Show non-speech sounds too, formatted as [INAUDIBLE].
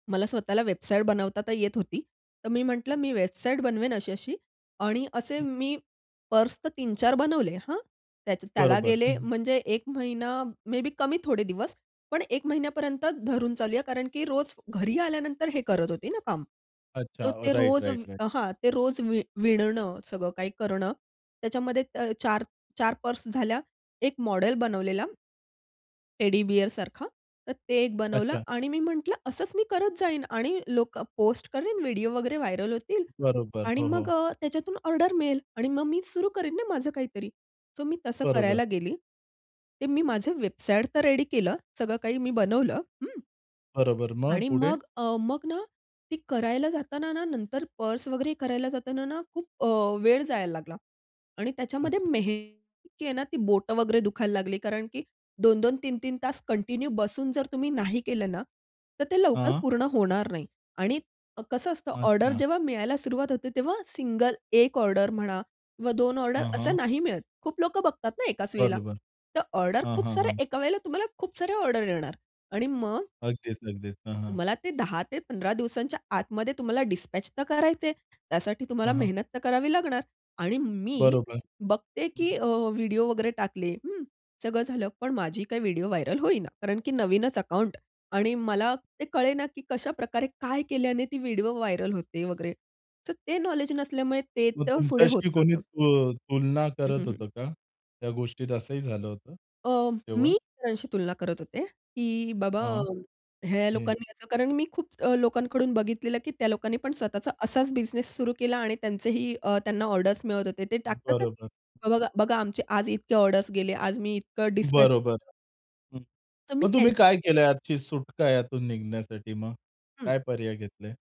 मला स्वतःला वेबसाईट बनवता तर येत होती. तर मी म्हंटलं मी वेबसाईट बनवेन अशी-अशी आणि असे मी पर्स तर 3-4 बनवले हां. त्याच त्याला बरोबर. हं, गेले हं. म्हणजे 1 महिना मे बी कमी थोडे दिवस पण 1 महिन्यापर्यंत धरून चालूया कारण की रोज घरी आल्यानंतर हे करत होती ना, काम अच्छा. सो ते राइट, रोज व राइट, राइट. हां, ते रोज वि विणणं, सगळं काही करणं त्याच्यामध्ये 4, 4 पर्स झाल्या. 1 मॉडेल बनवलेला. टेडीबिअर सारखा तर ते एक बनवलं अच्छा. आणि मी म्हंटल असंच मी करत जाईन आणि लोकं पोस्ट करीन व्हिडिओ वगैरे व्हायरल होतील बरोबर. आणि हो, मग हो. अ, त्याच्यातून ऑर्डर मिळेल आणि मग मी सुरू करीन ना, माझं काहीतरी. सो मी तसं बरोबर. करायला गेली. ते मी माझं वेबसाईट तर रेडी केलं. सगळं काही मी बनवलं. हं बरोबर. मग? आणि पुढे? मग अ, मग ना, ती करायला जाताना ना, नंतर पर्स वगैरे करायला जाताना ना, खूप अ, वेळ जायला लागला आणि त्याच्यामध्ये अच्छा. मेहनत इतकी आहे ना, ती बोटं वगैरे दुखायला लागली कारण की 2-2 3-3 तास कंटिन्यू बसून जर तुम्ही नाही केलं ना, तर ते लवकर हां. पूर्ण होणार नाही आणि कसं असतं ऑर्डर अच्छा. जेव्हा मिळायला सुरुवात होते तेव्हा सिंगल 1 ऑर्डर म्हणा किंवा 2 ऑर्डर हां, असं हां. नाही मिळत. खूप लोकं बघतात ना, एकाच वेळेला बरोबर, तर ऑर्डर हां, खूप हां, साऱ्या हां. एका वेळेला तुम्हाला खूप सारे ऑर्डर येणार आणि मग अगदीच, अगदीच. हां, हां. तुम्हाला ते 10 ते 15 दिवसांच्या आतमध्ये तुम्हाला डिस्पॅच तर करायचंय. त्यासाठी हां, तुम्हाला हां. मेहनत तर करावी लागणार आणि मी बरोबर. बघते, की अ, व्हिडिओ वगैरे टाकले, हं. सगळं झालं. पण माझी काही व्हिडिओ व्हायरल होईना. कारण की नवीनच अकाउंट आणि मला ते कळेना की कशाप्रकारे काय केल्याने ती व्हिडिओ व्हायरल होते वगैरे. तर ते नॉलेज नसल्यामुळे ते मग तर पुढे होत तुमच्याशी कोणी नव्हतं. तु अ, तुलना हं, करत हं, हं. होतं का? त्या गोष्टीत असंही झालं होतं, अ, तेव्हा? मी सरांशी तुलना करत होते, की बाबा हां. ह्या [UNINTELLIGIBLE] लोकांनी असं कारण मी अ, खूप लोकांकडून बघितलेलं की त्या लोकांनी पण स्वतःचा असाच बिझनेस सुरू केला आणि त्यांचेही अ, त्यांना ऑर्डर्स मिळत होते. ते टाकतात ना, की बरोबर. बघा, बघा आमचे आज इतके ऑर्डर्स गेले. आज मी इतकं डिस्पॅच बरोबर. [UNINTELLIGIBLE] हं, तर मी मग तुम्ही त्यांच्या काय केलं आजची सुटका यातून निघण्यासाठी मग? हं. काय पर्याय घेतले?